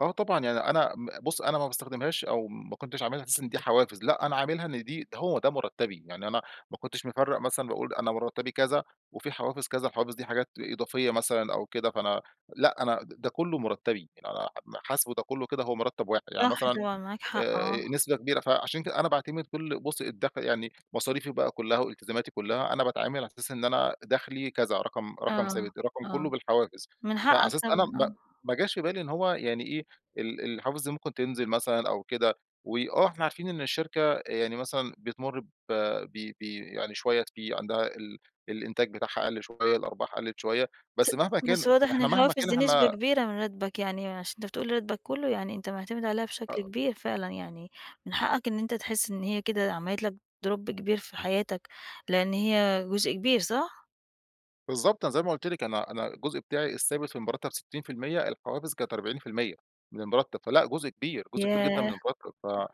آه طبعًا، يعني أنا م بُص أنا ما باستخدمهاش، أو ما كنتش عاملها على أساس إن دي حوافز، لأ أنا عاملها إن دي ده هو ده مُرتّبي. يعني أنا ما كنتش مفرّق مثلًا باقول أنا مرتبي كذا، وفي حوافز كذا، الحوافز دي حاجات إضافية مثلًا أو كده، فأنا لأ أنا د ده كلّه مُرتّبي. يعني أنا م حاسبه ده كلّه كده هو مرتب واحد. يعني صح مثلًا طبعًا، معاك حق، آه. آآ نسبة كبيرة، فعشان كده أنا باعتمد كل بُص الدخل يعني مصاريفي بقى كلّها، والتزاماتي كلّها أنا باتعامل على أساس إن أنا دخلي كذا، رقم رقم آه، ثابت، رقم كلّه آه. بالحوافز. من فعلى حقك أساس أنا طبعًا ب آه. ما جاش في بالي إن هو يعني إيه، ال الحوافز دي ممكن تنزل مثلًا أو كده. وآه إحنا عارفين إن الشركة يعني مثلًا بتمُر ب ب ب يعني شويّة في عندها ال الإنتاج بتاعها قل شويّة، الأرباح قلّت شويّة. س بس مهما كان بس واضح إن إحنا مهما الحوافز كان دي نسبة إحنا كبيرة من راتبك، يعني عشان أنت بتقول راتبك كلّه يعني أنت معتمد عليها آآ بشكل كبير فعلًا يعني من حقك إن أنت تحس إن هي كده عملت لك drop كبير في حياتك، لإن هي جزء كبير صح؟ بالضبط. أنا زي ما قُلت لِك، أنا أنا الجزء بتاعي الثابت في المرتب 60%، الحوافز كانت 40% من المرتب. فلأ جزء كبير، جزء كبير جدًا من ياه! المرتب.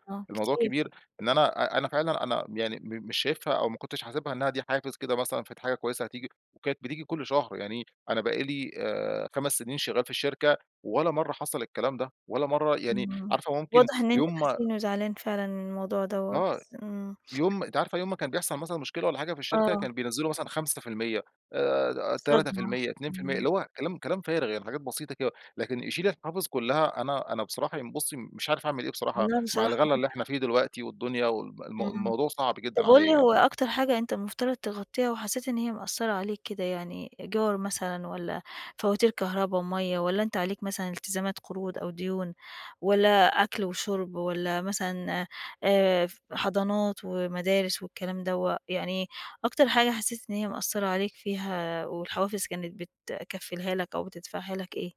آه فالموضوع كتير. كبير إن أنا أ أنا فعلًا أنا يعني م مش شايفها، أو ما كنتش حاسبها إنّها دي حافز كده مثلًا فدي حاجة كويّسة هتيجي. وكانت بتيجي كل شهر، يعني أنا بقي لي آآ 5 سنين شغّال في الشركة، ولا مرّة حصل الكلام ده، ولا مرّة يعني آه. عارفة ممكن واضح إن أنت يوم ما حزين، وزعلان فعلًا من الموضوع دوّة آه. بس آمم. يوم أنتِ عارفة يوم ما كان بيحصل مثلًا مشكلة والّا حاجة في الشركة، آه. كان بينزّلوا مثلًا 5%، آآ تلاتة في صدمة. المِيَّة، 2%، آمم. اللي هو كلام كلام فارغ، يعني حاجات بسيطة كده. لكن يشيل الحوافز كلّها أنا أنا بصراحة ين بُصّي مش عارف اعمل إيه بصراحة لأ مع بصراحة الغلا معاك اللي حق. إحنا فيه دلوقتي، والدنيا وال م إمم. الموضوع صعب جدًا طب قُل عليّا لي يعني. هو أكتر حاجة أنت المفترض تغطّيها، وحسّيت إن هي مأثّرة عليك كده. يعني إيجار مثلًا، والّا فواتير كهربا ومَيّة، والّا أنت عليك مثلًا التزامات قروض، أو ديون، والّا أكل وشُرب، والّا مثلًا آآ ف حضانات، ومدارس، والكلام دوّة يعني أكتر حاجة حسّيت إن هي مأثّرة عليك فيها، والحوافز كانت بتكفّلها لك، أو بتدفعها لك إيه؟